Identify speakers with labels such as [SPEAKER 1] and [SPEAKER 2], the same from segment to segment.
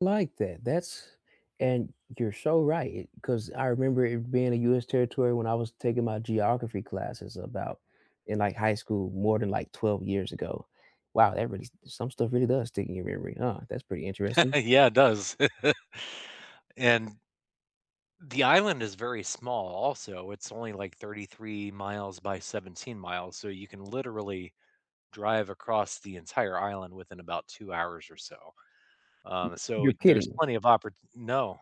[SPEAKER 1] Like that. That's and you're so right it 'cause I remember it being a US territory when I was taking my geography classes about in like high school, more than like 12 years ago. Wow, that really s some stuff really does stick in your memory, huh? That's pretty interesting.
[SPEAKER 2] Yeah, it does. And the island is very small, also. It's only like 33 miles by 17 miles, so you can literally drive across the entire island within about 2 hours or so.
[SPEAKER 1] M
[SPEAKER 2] Um, so
[SPEAKER 1] You're
[SPEAKER 2] there's
[SPEAKER 1] kidding?
[SPEAKER 2] plenty of opport No.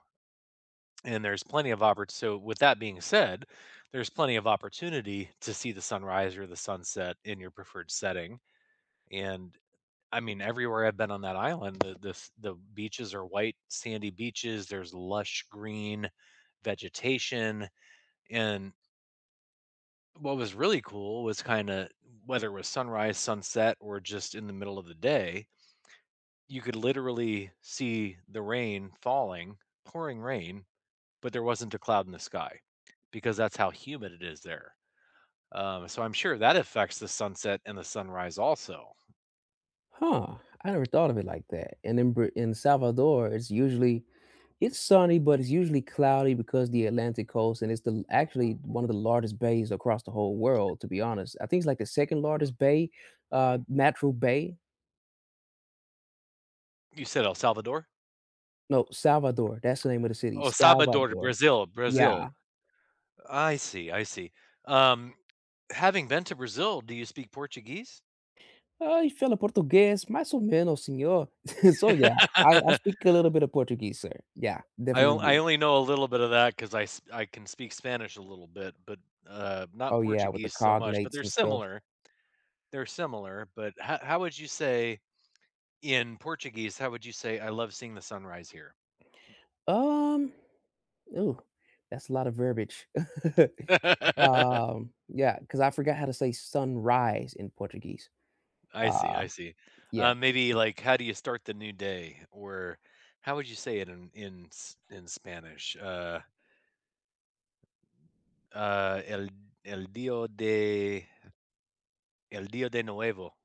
[SPEAKER 2] And there's plenty of opport so, with that being said, there's plenty of opportunity to see the sunrise or the sunset in your preferred setting, and, I mean, everywhere I've been on that island, the the f the beaches are white, sandy beaches. There's lush green vegetation, and what was really cool was kinda, whether it was sunrise, sunset, or just in the middle of the day you could literally see the rain falling, pouring rain, but there wasn't a cloud in the sky because that's how humid it is there. Um, so I'm sure that affects the sunset and the sunrise also.
[SPEAKER 1] Huh, I never thought of it like that, and in Br in Salvador, it's usually it's sunny, but it's usually cloudy because the Atlantic coast, and it's the actually, one of the largest bays across the whole world, to be honest. I think it's like the 2nd largest bay, uh, natural bay.
[SPEAKER 2] You said El Salvador?
[SPEAKER 1] No, Salvador. That's the name of the city,
[SPEAKER 2] Oh, Salvador,
[SPEAKER 1] Salvador.
[SPEAKER 2] Brazil. Brazil.
[SPEAKER 1] Yeah.
[SPEAKER 2] I see, I see. Um, having been to Brazil, do you speak Portuguese?
[SPEAKER 1] Eu, falo português mais ou menos, senhor. So, yeah. I I speak a little bit of Portuguese, sir. Yeah,
[SPEAKER 2] I o
[SPEAKER 1] definitely
[SPEAKER 2] I
[SPEAKER 1] do.
[SPEAKER 2] only know a little bit of that 'cause I s I can speak Spanish a little bit, but, uh, not
[SPEAKER 1] Oh, yeah, with the
[SPEAKER 2] Portuguese so much, but
[SPEAKER 1] cognates
[SPEAKER 2] they're
[SPEAKER 1] and stuff.
[SPEAKER 2] similar. They're similar, but ho how would you say in Portuguese, how would you say, "I love seeing the sunrise here"?
[SPEAKER 1] Um, ooh, that's a lot of verbiage. Um, yeah, 'cause I forgot how to say "sunrise" in Portuguese.
[SPEAKER 2] I see,
[SPEAKER 1] Uh,
[SPEAKER 2] I see. Uh,
[SPEAKER 1] yeah.
[SPEAKER 2] maybe like, "How do you start the new day?" Or how would you say it in in S in Spanish? Uh Uh, el el dios de el dios de nuevo.